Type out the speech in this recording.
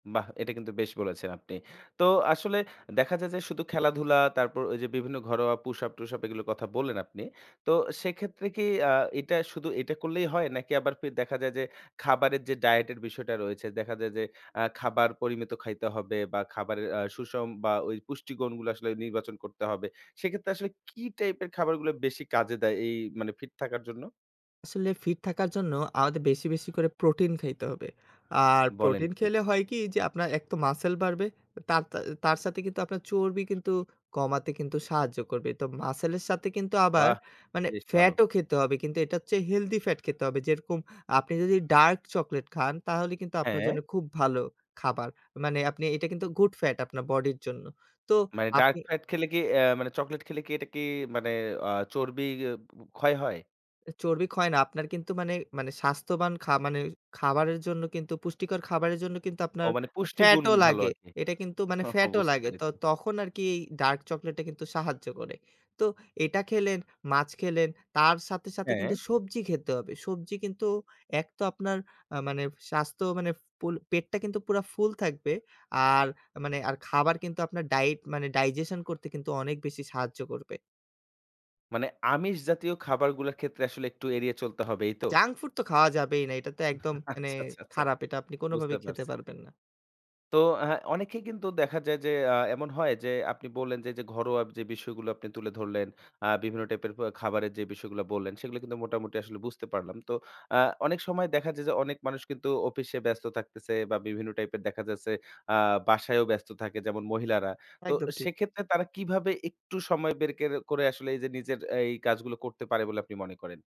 বাহ! এটা কিন্তু বেশ বলেছেন আপনি। তো আসলে দেখা যায় যে শুধু খেলাধুলা তারপর ওই যে বিভিন্ন ঘরোয়া পুশ আপ টুশ আপ এগুলোর কথা বললেন আপনি। তো সেক্ষেত্রে কি আ এটা শুধু এটা করলেই হয় নাকি আবার পে দেখা যায় যে খাবারের যে ডায়েটের বিষয়টা রয়েছে, দেখা যায় যে অ্যা খাবার পরিমিত খাইতে হবে বা খাবারের আ সুষম বা ওই পুষ্টি গুণগুলো আসলে নির্বাচন করতে হবে। সেক্ষেত্রে আসলে কি টাইপের খাবারগুলো বেশি কাজে দেয় এই মানে ফিট থাকার জন্য? আসলে ফিট থাকার জন্য আমাদের বেশি বেশি করে প্রোটিন খাইতে হবে। আর বলেন প্রোটিন কি! খেলে হয় কি? যে আপনার এক তো মাসল বাড়বে, তার তার সাথে কিন্তু আপনার চর্বি কিন্তু কমাতে কিন্তু সাহায্য করবে। তো মাসলের সাথে কিন্তু আবার বাহ! মানে বেশ ভালো। ফ্যাটও খেতে হবে। কিন্তু এটার চেয়ে হেলদি ফ্যাট খেতে হবে। যেরকম আপনি যদি ডার্ক চকোলেট খান তাহলে কিন্তু আপনার জন্য হ্যাঁ। খুব ভালো খাবার। মানে এটা কিন্তু গুড ফ্যাট আপনার বডির জন্য। তো মানে ডার্ক আপনি ফ্যাট খেলে কি অ্যা মানে চকোলেট খেলে কি, এটা কি মানে আ চর্বি ক্ষয় হয়? চর্বি ক্ষয় না। আপনার কিন্তু মানে মানে স্বাস্থ্যবান মানে খাবারের জন্য কিন্তু পুষ্টিকর খাবারের জন্য কিন্তু ও আপনার মানে পুষ্টিগুণ ফ্যাটও ভালো লাগে। আরকি। এটা কিন্তু মানে ওহ! ফ্যাটও বুঝতে লাগে। পেরেছি। তখন আরকি এই ডার্ক চকোলেট টা কিন্তু সাহায্য করে। তো এটা খেলেন, মাছ খেলেন, তার সাথে সাথে হ্যাঁ। কিন্তু সবজি খেতে হবে। সবজি কিন্তু এক তো আপনার আ মানে স্বাস্থ্য মানে পুল পেটটা কিন্তু পুরা ফুল থাকবে। আর মানে খাবার কিন্তু আপনার ডায়েট মানে, ডাইজেশন করতে কিন্তু অনেক বেশি সাহায্য করবে। মানে আমিষ জাতীয় খাবারগুলোর ক্ষেত্রে আসলে একটু এড়িয়ে চলতে হবে। এই তো? জাঙ্ক ফুড তো খাওয়া যাবেই না। এটা তো একদম মানে আচ্ছা, আচ্ছা, আচ্ছা। খারাপ এটা আপনি বুঝতে কোনভাবেই খেতে পারছি। পারবেন না। তো অ্যা অনেকেই কিন্তু দেখা যায় যে, আ এমন হয় যে আপনি বললেন যে যে ঘরোয়া যে বিষয়গুলো আপনি তুলে ধরলেন। আ বিভিন্ন টাইপের খাবারের যে বিষয়গুলো বললেন সেগুলো কিন্তু মোটামুটি আসলে বুঝতে পারলাম। তো আ অনেক সময় দেখা যায় যে অনেক মানুষ কিন্তু অফিসে ব্যস্ত থাকতেছে, বা বিভিন্ন টাইপের দেখা যাচ্ছে। আ বাসায়ও ব্যস্ত থাকে যেমন মহিলারা। তো একদম ঠিক। সেক্ষেত্রে তারা কিভাবে একটু সময় বের কের করে আসলে এই যে নিজের এই কাজগুলো করতে পারে বলে আপনি মনে করেন?